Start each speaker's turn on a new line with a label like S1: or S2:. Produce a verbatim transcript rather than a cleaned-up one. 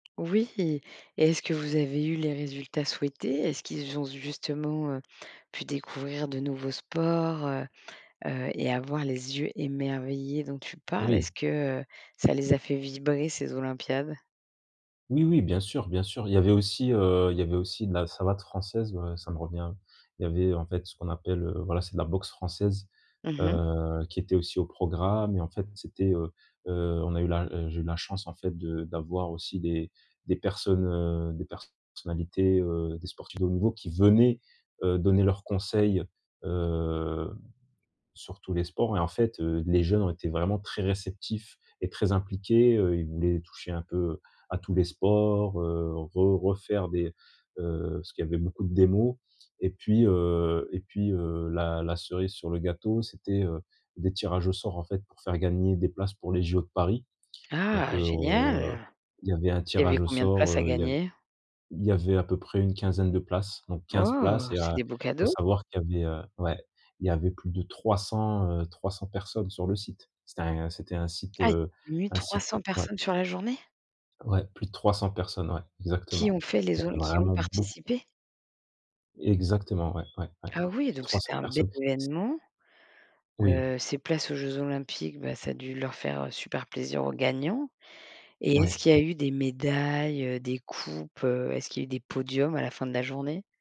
S1: Oui. Et, est-ce que vous avez eu les résultats souhaités? Est-ce qu'ils ont zu justement, heu, pu découvrir de nouveaux sports, heu? Heu, et avoir les yeux émerveillés, dont tu parles?
S2: Oui.
S1: Est-ce que, heu, ça les a fait vibrer ces olympiades?
S2: Oui, oui, bien sûr, bien sûr. Il y avait aussi, heu il y avait aussi de la savate française, voilà, ça me revient. Il y avait en fait, ce qu'on appelle, heu voilà, c'est de la boxe française,
S1: Mmh mh.
S2: heu, qui était aussi au programme. Et en fait, c'était, heu heu, on a eu la heu, j'ai eu la chance en fait, de d'avoir aussi des des personnes, heu, des personnalités, heu, des sportifs de haut niveau qui venaient, heu, donner leurs conseils, heu, sur tous les sports. Et en fait, heu, les jeunes ont été vraiment très réceptifs et très impliqués. Heu, ils voulaient toucher, un peu, à tous les sports, heu, re refaire des, heu, parce qu'il y avait beaucoup de démos. Et puis, heu et puis, heu, la la cerise sur le gâteau, c'était, heu, des tirages au sort, en fait, pour faire gagner des places pour les JO de Paris. Donc,
S1: Ah!
S2: heu,
S1: Génial.
S2: il y avait un
S1: Il y avait
S2: tirage au
S1: combien de
S2: sort,
S1: places à
S2: heu il avait
S1: gagner?
S2: il y avait à peu près, une quinzaine de places, donc quinze places
S1: Oh!
S2: et
S1: C'est
S2: a
S1: des beaux
S2: il faut
S1: cadeaux.
S2: savoir qu'il y avait, heu ouais. Il y avait plus de trois cent, heu trois cent personnes sur le site. C'était un c'était un site,
S1: Aïe.
S2: heu
S1: mille
S2: un
S1: trois
S2: site heu
S1: cent
S2: ouais.
S1: personnes sur la journée?
S2: Ouais, plus de trois cent personnes, ouais,
S1: Qui
S2: exactement.
S1: ont fait
S2: Il y
S1: les ol
S2: avait
S1: qui ont
S2: vraiment beauc
S1: participé?
S2: Exactement, ouais, ouais, ouais,
S1: Ah oui,
S2: plus de
S1: donc
S2: trois cent
S1: c'était un belle
S2: personnes, c
S1: événement.
S2: Oui.
S1: Heu, ces places aux jeux olympiques, bah, ça a dû leur faire, heu, super plaisir, aux gagnants. Et
S2: Ouais,
S1: est-ce qu'il y a
S2: heu
S1: eu des médailles, heu, des coupes, heu? Est-ce qu'il a eu des podiums à la fin de la journée?